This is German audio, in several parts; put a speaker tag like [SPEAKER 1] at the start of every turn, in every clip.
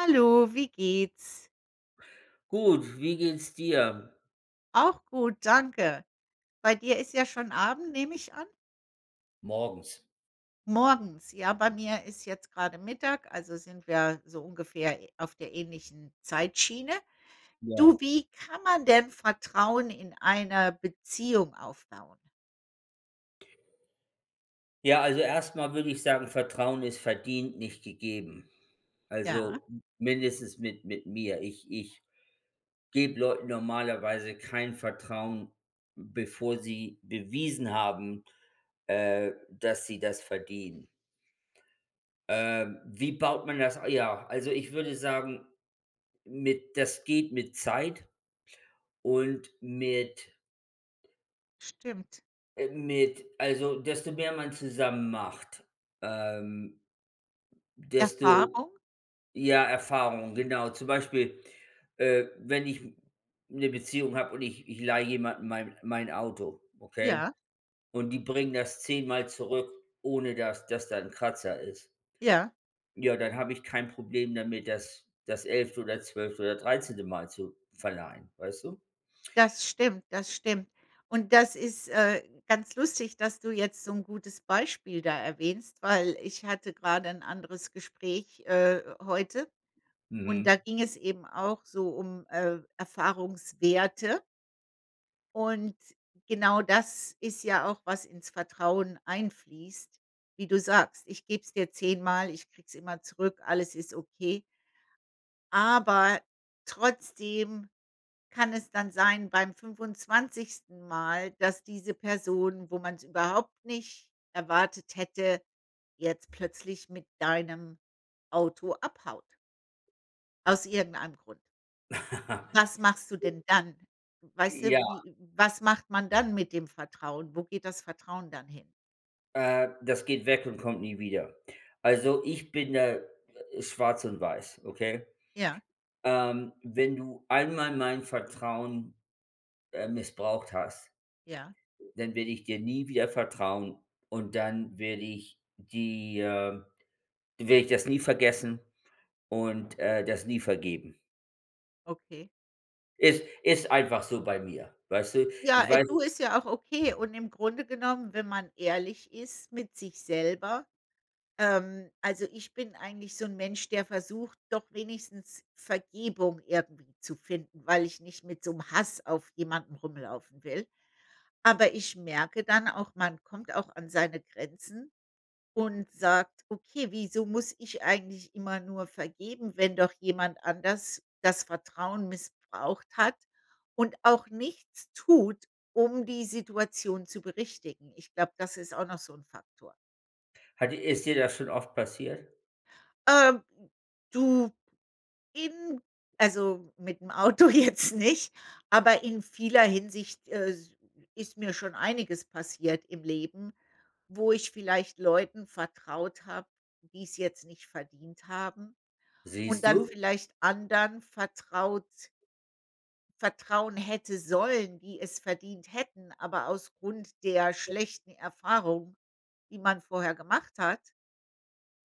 [SPEAKER 1] Hallo, wie geht's?
[SPEAKER 2] Gut, wie geht's dir?
[SPEAKER 1] Auch gut, danke. Bei dir ist ja schon Abend, nehm ich an?
[SPEAKER 2] Morgens.
[SPEAKER 1] Morgens, ja. Bei mir ist jetzt grade Mittag, also sind wir so ungefähr auf der ähnlichen Zeitschiene.
[SPEAKER 2] Ja.
[SPEAKER 1] Du, wie kann man denn Vertrauen in einer Beziehung aufbauen?
[SPEAKER 2] Ja, also erst mal würde ich sagen, Vertrauen ist verdient, nicht gegeben.
[SPEAKER 1] Ja?
[SPEAKER 2] Also mindestens mit mit mir. Ich ich gebe Leuten normalerweise kein Vertrauen, bevor sie bewiesen haben, äh, dass sie das verdienen. Äh, wie baut man das ja, also ich würde sagen, mit das geht mit Zeit und mit
[SPEAKER 1] Stimmt.
[SPEAKER 2] äh, mit also, desto mehr man zusammen macht, ähm, desto
[SPEAKER 1] Erfahrung?
[SPEAKER 2] ja, Erfahrung, genau. Zum Beispiel, äh, wenn ich 'ne Beziehung habe und ich ich leihe jemanden mein mein Auto, okay,
[SPEAKER 1] Ja?
[SPEAKER 2] und die bringen das 10 mal zurück, ohne dass dass da 'n Kratzer ist.
[SPEAKER 1] Ja?
[SPEAKER 2] Ja, dann habe ich kein Problem damit, das das 11. oder 12. oder 13. Mal zu verleihen, weißt du?
[SPEAKER 1] Das stimmt, das stimmt. Und das ist, äh, ganz lustig, dass du jetzt so 'n gutes Beispiel da erwähnst, weil ich hatte gerade ein anderes Gespräch, äh, heute. Und da
[SPEAKER 2] Mhm.
[SPEAKER 1] ging es eben auch so um, äh, Erfahrungswerte. Und genau das ist ja auch, was ins Vertrauen einfließt, wie du sagst. Ich geb's dir 10 mal, ich krieg's immer zurück, alles ist okay. Aber trotzdem kann es dann sein beim 25 Mal, dass diese Person, wo man's überhaupt nicht erwartet hätte, jetzt plötzlich mit deinem Auto abhaut aus irgendeinem Grund. Was machst du denn dann? Weißt
[SPEAKER 2] J
[SPEAKER 1] du,
[SPEAKER 2] ja.
[SPEAKER 1] wie was macht man dann mit dem Vertrauen? Wo geht das Vertrauen dann hin?
[SPEAKER 2] Äh, das geht weg und kommt nie wieder. Also, ich bin da schwarz und weiß, okay?
[SPEAKER 1] Ja.
[SPEAKER 2] Ähm, wenn du einmal mein Vertrauen, äh, missbraucht hast,
[SPEAKER 1] Ja.
[SPEAKER 2] dann werde ich dir nie wieder vertrauen und dann werde ich die äh, dann werde ich das nie vergessen und, äh, das nie vergeben.
[SPEAKER 1] Okay.
[SPEAKER 2] Ist ist einfach so bei mir, weißt du?
[SPEAKER 1] Ja,
[SPEAKER 2] Ich
[SPEAKER 1] äh,
[SPEAKER 2] weiß
[SPEAKER 1] du ist ja auch okay und im Grunde genommen, wenn man ehrlich ist mit sich selber, ähm also, ich bin eigentlich so 'n Mensch, der versucht doch wenigstens Vergebung irgendwie zu finden, weil ich nicht mit so 'n Hass auf jemanden rumlaufen will. Aber ich merke dann auch, man kommt auch an seine Grenzen und sagt: „Okay, wieso muss ich eigentlich immer nur vergeben, wenn doch jemand anders das Vertrauen missbraucht hat und auch nichts tut, um die Situation zu berichtigen?“ Ich glaube, das ist auch noch so 'n Faktor.
[SPEAKER 2] Hat e ist dir das schon oft passiert?
[SPEAKER 1] Äh, du, eben also, mit dem Auto jetzt nicht, aber in vieler Hinsicht, äh, s ist mir schon einiges passiert im Leben, wo ich vielleicht Leuten vertraut habe, die's jetzt nicht verdient haben und
[SPEAKER 2] Siehst
[SPEAKER 1] dann
[SPEAKER 2] du?
[SPEAKER 1] vielleicht anderen vertraut vertrauen hätte sollen, die es verdient hätten, aber aus Grund der schlechten Erfahrung, die man vorher gemacht hat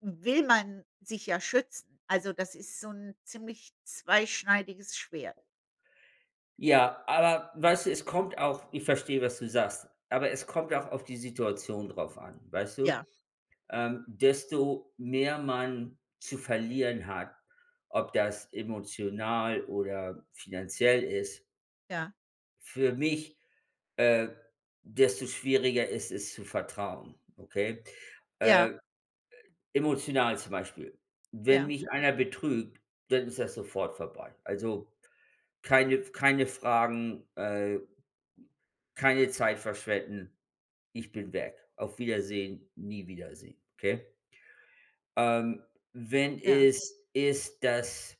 [SPEAKER 1] will man sich ja schützen. Also, das ist so 'n ziemlich zweischneidiges Schwert.
[SPEAKER 2] Ja, aber weißt du, es kommt auch ich verstehe, was du sagst, aber es kommt auch auf die Situation drauf an, weißt du?
[SPEAKER 1] Ja.
[SPEAKER 2] Ähm, desto mehr man zu verlieren hat, ob das emotional oder finanziell ist
[SPEAKER 1] Ja.
[SPEAKER 2] für mich, äh, desto schwieriger ist es zu vertrauen, okay?
[SPEAKER 1] Ja.
[SPEAKER 2] Äh e emotional zum Beispiel, wenn
[SPEAKER 1] Ja.
[SPEAKER 2] mich einer betrügt, dann ist das sofort vorbei. Also, keine F keine Fragen, äh, keine Zeit verschwenden, ich bin weg. Auf Wiedersehen, nie Wiedersehen, okay? Ähm, wenn
[SPEAKER 1] Ja.
[SPEAKER 2] es ist, dass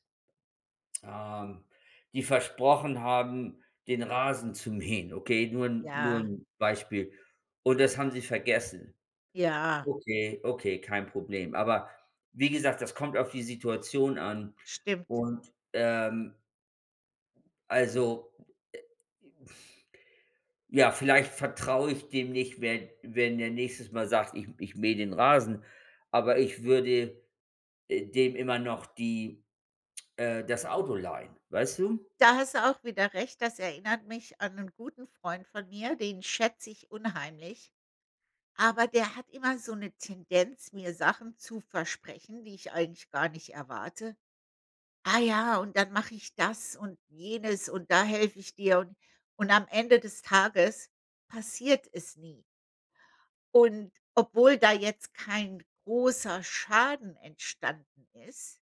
[SPEAKER 2] ähm, die versprochen haben, den Rasen zu mähen, okay, nur 'n nur
[SPEAKER 1] Ja.
[SPEAKER 2] 'n Beispiel. Und das haben Sie vergessen.
[SPEAKER 1] Ja.
[SPEAKER 2] Okay, okay, kein Problem. Aber wie gesagt, das kommt auf die Situation an
[SPEAKER 1] Stimmt.
[SPEAKER 2] und, ähm also, äh ja, vielleicht vertraue ich dem nicht, wenn wenn der nächstes Mal sagt: „Ich ich mähe den Rasen“, aber ich würde, äh, dem immer noch die äh, das Auto leihen, weißt du?
[SPEAKER 1] Da hast du auch wieder Recht. Das erinnert mich an 'nen guten Freund von mir, den schätz ich unheimlich. Aber der hat immer so 'ne Tendenz, mir Sachen zu versprechen, die ich eigentlich gar nicht erwarte. „Ah, ja, und dann mach ich das und jenes und da helfe ich dir“, und und am Ende des Tages passiert es nie. Und obwohl da jetzt kein großer Schaden entstanden ist,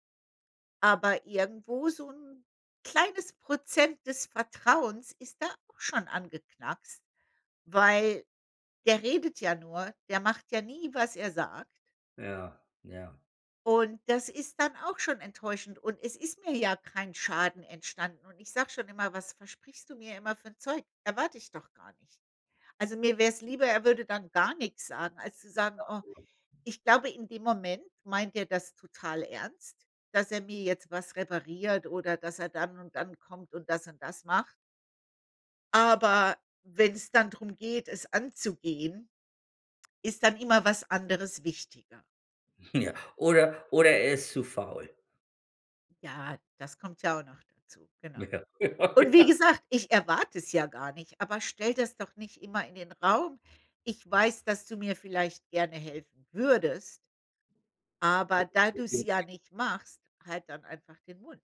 [SPEAKER 1] aber irgendwo so 'n kleines Prozent des Vertrauens ist da auch schon angeknackst, weil der redet ja nur, der macht ja nie, was er sagt.
[SPEAKER 2] Ja, ja.
[SPEAKER 1] Und das ist dann auch schon enttäuschend und es ist mir ja kein Schaden entstanden und ich sage schon immer, was versprichst du mir immer für 'n Zeug? Erwarte ich doch gar nicht. Also, mir wär's lieber, er würde dann gar nix sagen, als zu sagen oh, ich glaube, in dem Moment meint er das total ernst, dass er mir jetzt was repariert oder dass er dann und dann kommt und das und das macht. Aber wenn's dann drum geht, es anzugehen, ist dann immer was anderes wichtiger.
[SPEAKER 2] Ja. Oder oder er ist zu faul.
[SPEAKER 1] Ja, das kommt ja auch noch dazu, genau.
[SPEAKER 2] Ja, ja
[SPEAKER 1] Und wie
[SPEAKER 2] genau.
[SPEAKER 1] gesagt, ich erwarte es ja gar nicht, aber stelle das doch nicht immer in den Raum. Ich weiß, dass du mir vielleicht gerne helfen würdest aber da du's ja
[SPEAKER 2] [unintelligible]
[SPEAKER 1] nicht machst, halt dann einfach den Mund.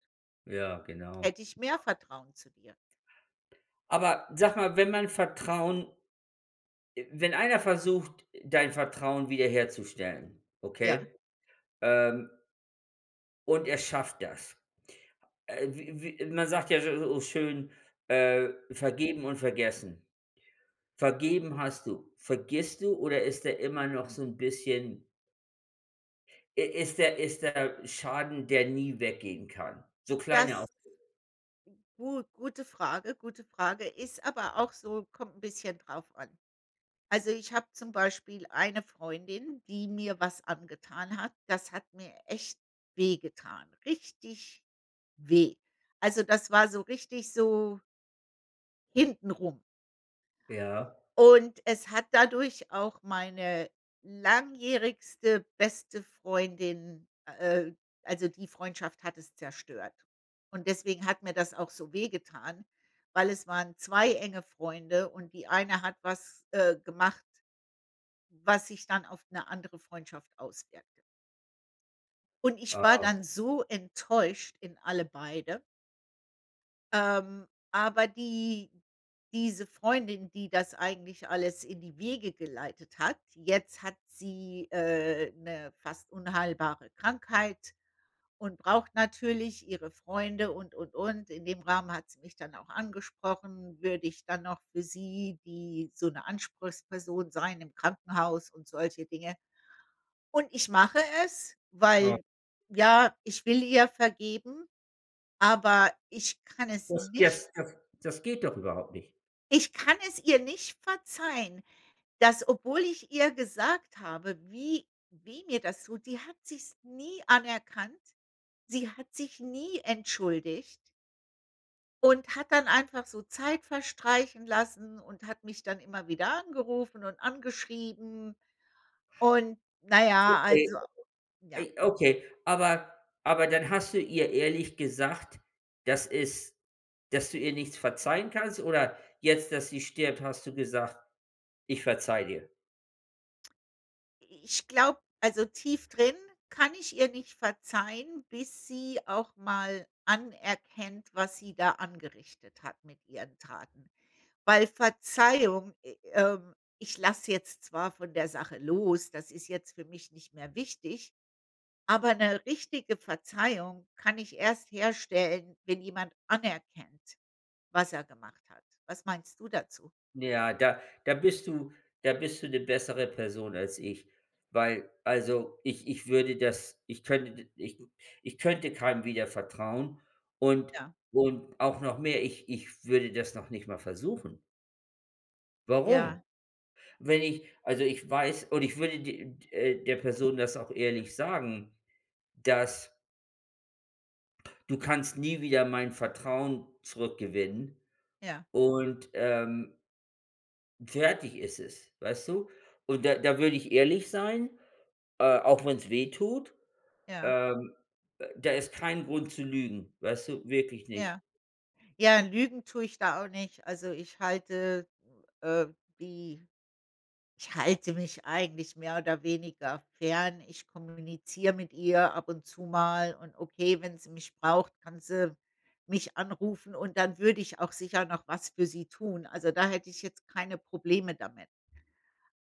[SPEAKER 2] Ja, genau.
[SPEAKER 1] Hätte ich mehr Vertrauen zu dir.
[SPEAKER 2] Aber sag mal, wenn man Vertrauen wenn einer versucht, dein Vertrauen wiederherzustellen,
[SPEAKER 1] Ja?
[SPEAKER 2] okay? Ähm und er schafft das. Äh, w w man sagt ja s so schön, äh: „Vergeben und vergessen.“ Vergeben hast du, vergisst du oder ist der immer noch so 'n bisschen i ist der ist der Schaden, der nie weggehen kann? So klein er auch
[SPEAKER 1] Das gu gute Frage, gute Frage. Ist aber auch so, kommt 'n bisschen drauf an. Also, ich habe zum Beispiel eine Freundin, die mir was angetan hat. Das hat mir echt weh getan, richtig weh. Also, das war so richtig so hintenrum.
[SPEAKER 2] Ja.
[SPEAKER 1] Und es hat dadurch auch meine langjährigste beste Freundin äh, also, die Freundschaft hat es zerstört. Und deswegen hat mir das auch so weh getan, weil es waren 2 enge Freunde und die eine hat was, äh, gemacht was sich dann auf 'ne andere Freundschaft auswirkte. Und ich war
[SPEAKER 2] Ah.
[SPEAKER 1] dann so enttäuscht in alle beide. Ähm, aber die diese Freundin, die das eigentlich alles in die Wege geleitet hat jetzt hat sie, äh, 'ne fast unheilbare Krankheit und braucht natürlich ihre Freunde und und und. In dem Rahmen hat sie mich dann auch angesprochen, würde ich dann noch für sie, die so 'ne Anspruchsperson sein im Krankenhaus und solche Dinge. Und ich mache es,
[SPEAKER 2] Ah.
[SPEAKER 1] weil ja, ich will ihr vergeben, aber ich kann es
[SPEAKER 2] Das
[SPEAKER 1] nicht.
[SPEAKER 2] das das das geht doch überhaupt nicht.
[SPEAKER 1] Ich kann es ihr nicht verzeihen dass, obwohl ich ihr gesagt habe, wie weh mir das tut, die hat sich's nie anerkannt. Sie hat sich nie entschuldigt. Und hat dann einfach so Zeit verstreichen lassen und hat mich dann immer wieder angerufen und angeschrieben. Und na ja
[SPEAKER 2] Okay,
[SPEAKER 1] also, ja.
[SPEAKER 2] ey okay, aber aber dann hast du ihr ehrlich gesagt, dass es dass du ihr nichts verzeihen kannst oder jetzt, dass sie stirbt, hast du gesagt: „Ich verzeihe dir“?
[SPEAKER 1] I ich glaube also, tief drin kann ich ihr nicht verzeihen, bis sie auch mal anerkennt, was sie da angerichtet hat mit ihren Taten. Weil Verzeihung äh, ähm, ich lass jetzt zwar von der Sache los, das ist jetzt für mich nicht mehr wichtig, aber 'ne richtige Verzeihung kann ich erst herstellen, wenn jemand anerkennt, was er gemacht hat. Was meinst du dazu?
[SPEAKER 2] Ja, da da bist du da bist du 'ne bessere Person als ich, weil also, ich ich würde das ich könnte ich ich könnte keinem wieder vertrauen und
[SPEAKER 1] Ja.
[SPEAKER 2] und auch noch mehr, ich ich würde das noch nicht mal versuchen.
[SPEAKER 1] Ja.
[SPEAKER 2] Warum? Wenn ich also, ich weiß und ich würde d d äh, der Person das auch ehrlich sagen, dass :„du kannst nie wieder mein Vertrauen zurückgewinnen“,
[SPEAKER 1] Ja.
[SPEAKER 2] und, ähm fertig ist es, weißt du? Und da da würde ich ehrlich sein, äh, auch wenn's weh tut,
[SPEAKER 1] Ja.
[SPEAKER 2] ähm, da ist kein Grund zu lügen, weißt du, wirklich nicht.
[SPEAKER 1] Ja. Ja, lügen tue ich da auch nicht. Also, ich halte, äh, die ich halte mich eigentlich mehr oder weniger fern. Ich kommuniziere mit ihr ab und zu mal und okay, wenn sie mich braucht, kann sie mich anrufen und dann würde ich auch sicher noch was für sie tun. Also, da hätte ich jetzt keine Probleme damit.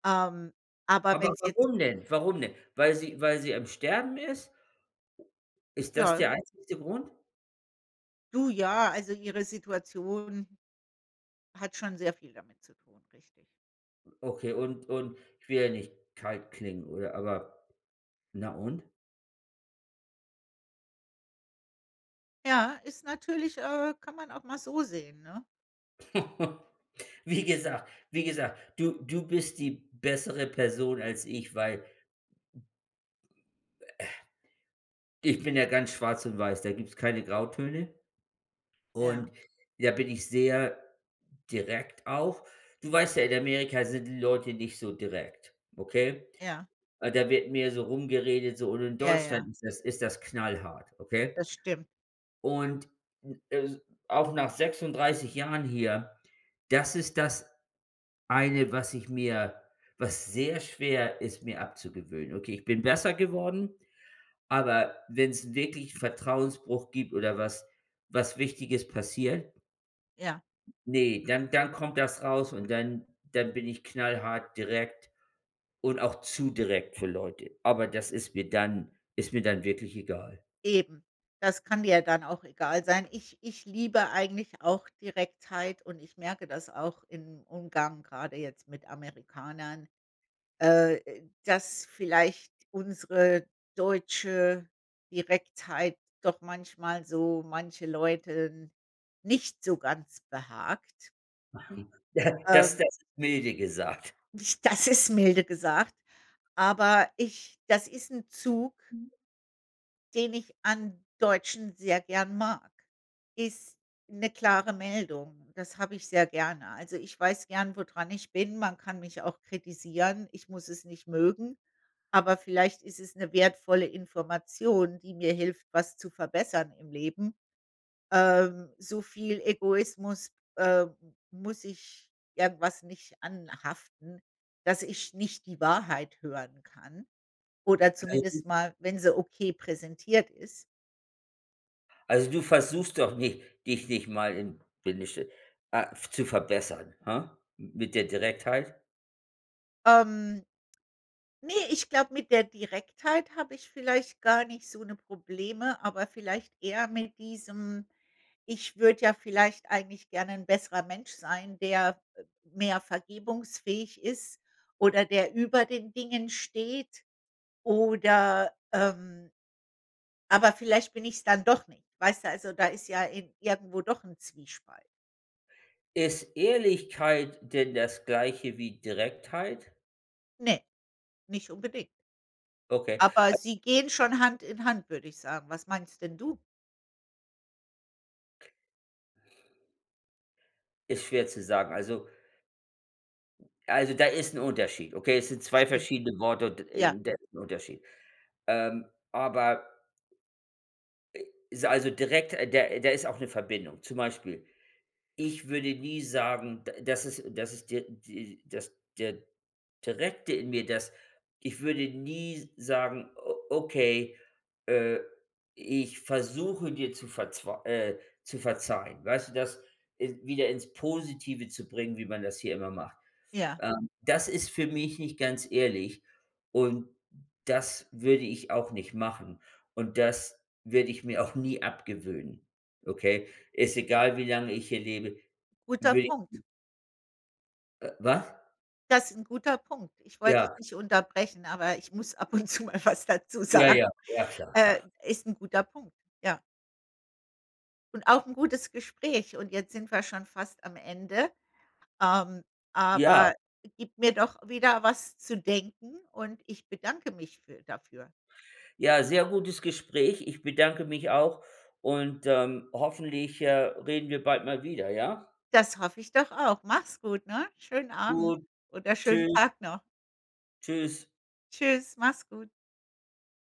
[SPEAKER 1] Ähm, aber
[SPEAKER 2] Aber
[SPEAKER 1] wenn's jetzt
[SPEAKER 2] warum denn? Warum denn? Weil sie weil sie im Sterben ist?
[SPEAKER 1] Hm,
[SPEAKER 2] Ist das der
[SPEAKER 1] [unintelligible]
[SPEAKER 2] einzigste Grund?
[SPEAKER 1] Du, ja, also, ihre Situation hat schon sehr viel damit zu tun, richtig.
[SPEAKER 2] Okay, und und ich will ja nicht kalt klingen oder aber na und?
[SPEAKER 1] Ja, ist natürlich, äh kann man auch mal so sehen, ne?
[SPEAKER 2] Wie gesagt wie gesagt, du du bist die bessere Person als ich, weil äh, ich bin ja ganz schwarz und weiß, da gibt's keine Grautöne.
[SPEAKER 1] Ja.
[SPEAKER 2] Und, ja bin ich sehr direkt auch. Du weißt ja, in Amerika sind die Leute nicht so direkt, okay?
[SPEAKER 1] Ja.
[SPEAKER 2] Ah, da wird mehr so rumgeredet so und in
[SPEAKER 1] Ja,
[SPEAKER 2] Deutschland
[SPEAKER 1] ja.
[SPEAKER 2] ist das ist das knallhart, okay?
[SPEAKER 1] Das stimmt.
[SPEAKER 2] Und n äh, auch nach 36 Jahren hier, das ist das eine, was ich mir was sehr schwer ist, mir abzugewöhnen. Okay, ich bin besser geworden, aber wenn es wirklich Vertrauensbruch gibt oder was was Wichtiges passiert
[SPEAKER 1] Ja.
[SPEAKER 2] ne, dann dann kommt das raus und dann dann bin ich knallhart direkt und auch zu direkt für Leute. Aber das ist mir dann ist mir dann wirklich egal.
[SPEAKER 1] Eben. Das kann dir dann auch egal sein. Ich ich liebe eigentlich auch Direktheit und ich merke das auch im Umgang grade jetzt mit Amerikanern, äh, dass vielleicht unsere deutsche Direktheit doch manchmal so manche Leuten nicht so ganz behagt.
[SPEAKER 2] Mhm. Das
[SPEAKER 1] Ähm
[SPEAKER 2] das milde gesagt.
[SPEAKER 1] Das ist milde gesagt, aber ich das ist 'n Zug den ich an Deutschen sehr gern mag, ist 'ne klare Meldung. Das habe ich sehr gerne. Also, ich weiß gern, wo dran ich bin. Man kann mich auch kritisieren. Ich muss es nicht mögen. Aber vielleicht ist es 'ne wertvolle Information, die mir hilft, was zu verbessern im Leben. Ähm, so viel Egoismus, äh, muss ich irgendwas nicht anhaften, dass ich nicht die Wahrheit hören kann oder
[SPEAKER 2] Also
[SPEAKER 1] zumindest mal, wenn sie okay präsentiert ist.
[SPEAKER 2] also, du versuchst doch nicht, dich nicht mal im, [unintelligible] ah, zu verbessern, hm? Mit der Direktheit?
[SPEAKER 1] Ähm, ne, ich glaube, mit der Direktheit habe ich vielleicht gar nicht so 'ne Probleme, aber vielleicht eher mit diesem ich würde ja vielleicht eigentlich gerne 'n besserer Mensch sein, der, äh, mehr vergebungsfähig ist oder der über den Dingen steht oder, ähm aber vielleicht bin ich's dann doch nicht. Weißt du, also, da ist ja in irgendwo doch 'n Zwiespalt.
[SPEAKER 2] Ist Ehrlichkeit denn das Gleiche wie Direktheit?
[SPEAKER 1] Ne, nicht unbedingt.
[SPEAKER 2] Okay.
[SPEAKER 1] Aber
[SPEAKER 2] A
[SPEAKER 1] sie gehen schon Hand in Hand, würde ich sagen. Was meinst denn du?
[SPEAKER 2] Ist schwer zu sagen. Also also, da ist 'n Unterschied, okay? Es sind 2
[SPEAKER 1] Stimmt.
[SPEAKER 2] verschiedene Worte und, äh,
[SPEAKER 1] Ja.
[SPEAKER 2] und das ist 'n Unterschied. Ähm, aber äh, ist also, direkt der da ist auch 'ne Verbindung. Zum Beispiel, ich würde nie sagen, d das ist das ist der die das der Direkte in mir, das ich würde nie sagen: „O okay, äh, ich versuche dir zu verzw äh, zu verzeihen.“ Weißt du, das, äh, wieder ins Positive zu bringen, wie man das hier immer macht.
[SPEAKER 1] Ja.
[SPEAKER 2] Ähm, das ist für mich nicht ganz ehrlich und das würde ich auch nicht machen und das werde ich mir auch nie abgewöhnen, okay? Ist egal, wie lange ich hier lebe,
[SPEAKER 1] Guter
[SPEAKER 2] würde
[SPEAKER 1] Punkt.
[SPEAKER 2] [unintelligible] Äh, was?
[SPEAKER 1] Das ist 'n guter Punkt. Ich wollte
[SPEAKER 2] Ja.
[SPEAKER 1] dich nicht unterbrechen, aber ich muss ab und zu mal was dazu
[SPEAKER 2] Ja,
[SPEAKER 1] sagen.
[SPEAKER 2] ja. Ja, klar,
[SPEAKER 1] Äh,
[SPEAKER 2] klar.
[SPEAKER 1] ist 'n guter Punkt, ja. Und auch 'n gutes Gespräch und jetzt sind wir schon fast am Ende. Ähm,
[SPEAKER 2] Ja.
[SPEAKER 1] aber gibt mir doch wieder was zu denken und ich bedanke mich für dafür.
[SPEAKER 2] Ja, sehr gutes Gespräch. Ich bedanke mich auch und, ähm, hoffentlich, äh, reden wir bald mal wieder, ja?
[SPEAKER 1] Das hoffe ich doch auch. Mach's gut, ne? Schönen Abend
[SPEAKER 2] Gut,
[SPEAKER 1] oder
[SPEAKER 2] tschü
[SPEAKER 1] schönen Tag noch.
[SPEAKER 2] tschüss.
[SPEAKER 1] Tschüss, mach's gut.